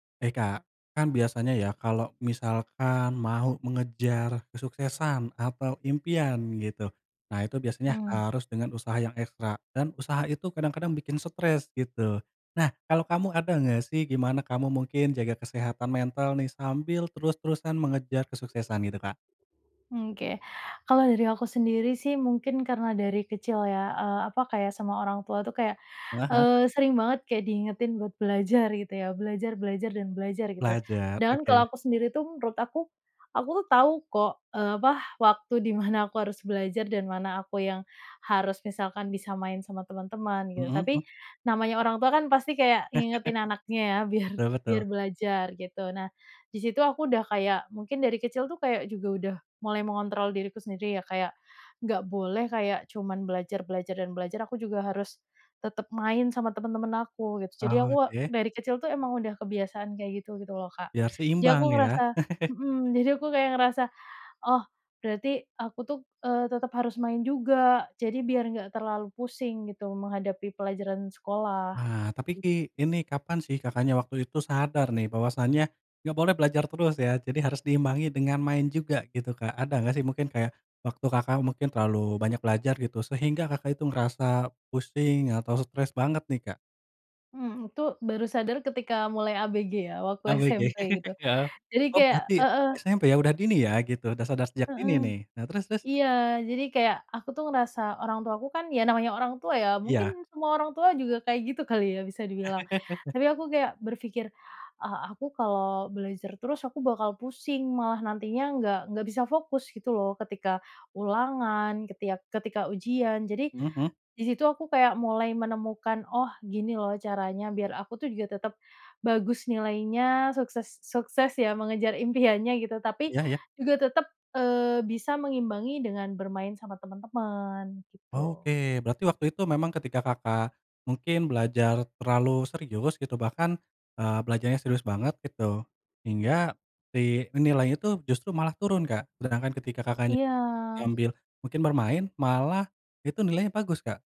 Hai, Kak. Kan biasanya ya kalau misalkan mau mengejar kesuksesan atau impian gitu, nah itu biasanya Mmm. harus dengan usaha yang ekstra dan usaha itu kadang-kadang bikin stres gitu. Nah kalau kamu ada enggak sih, gimana kamu mungkin jaga kesehatan mental nih sambil terus-terusan mengejar kesuksesan gitu, Kak? Mmm, oke, kalau dari aku sendiri sih mungkin karena dari kecil ya, eee, apa, kayak sama orang tua tuh kayak, Heeh heeh. eee, sering banget kayak diingetin buat belajar gitu ya. Belajar, belajar, dan belajar gitu Belajar, dan oke. kalau aku sendiri tuh menurut aku, aku tahu kok, eee, apa, waktu di mana aku harus belajar dan mana aku yang harus misalkan bisa main sama teman-teman gitu. Mhm, mmm. Tapi, namanya orang tua kan pasti kayak ngingetin anaknya ya biar Betul biar betul. belajar gitu. Nah, di situ aku udah kayak, mungkin dari kecil tuh kayak juga udah mulai mengontrol diriku sendiri ya kayak, nggak boleh kayak cuman belajar, belajar, dan belajar, aku juga harus tetap main sama temen-temen aku, gitu. Jadi aku Oke. dari kecil tuh emang udah kebiasaan kayak gitu, gitu loh Kak, Biar jadi aku seimbang ya? ngerasa mhm, jadi aku kayak ngerasa, "Oh berarti aku tuh, eee, tetap harus main juga, jadi biar nggak terlalu pusing gitu menghadapi pelajaran sekolah." Wah, tapi [unintelligible] ki ini kapan sih Kakaknya waktu itu sadar nih bahwasannya nggak boleh belajar terus ya, jadi harus diimbangi dengan main juga gitu, Kak. Ada nggak sih mungkin kayak waktu Kakak mungkin terlalu banyak belajar gitu sehingga Kakak itu ngerasa pusing atau stres banget nih, Kak? Mhm, itu baru sadar ketika mulai ABG ya, waktu ABG, SMP gitu, iya. jadi Oh kayak berarti heeh. SMP ya udah dini ya gitu, udah sadar sejak dini Heeh. nih. Nah terus terus? Iya, jadi kayak aku tuh ngerasa orang tua aku kan ya namanya orang tua ya, Iya. mungkin semua orang tua juga kayak gitu kali ya, bisa dibilang. Tapi aku kayak berpikir, "Ah aku kalau belajar terus aku bakal pusing malah nantinya nggak nggak bisa fokus gitu loh ketika ulangan, ketika ketika ujian." jadi, Mhm mhm. di situ aku kayak mulai menemukan, "Oh gini loh caranya biar aku tuh juga tetep bagus nilainya, sukses sukses ya mengejar impiannya." gitu. Tapi Iya iya. juga tetep, eee, bisa mengimbangi dengan bermain sama temen-temen, gitu. Oke, berarti waktu itu memang ketika Kakak mungkin belajar terlalu serius gitu bahkan, eee, belajarnya serius banget gitu, hingga si nilainya tuh justru malah turun Kak, sedangkan ketika Kakaknya Iya. sambil mungkin bermain, malah itu nilainya bagus, Kak?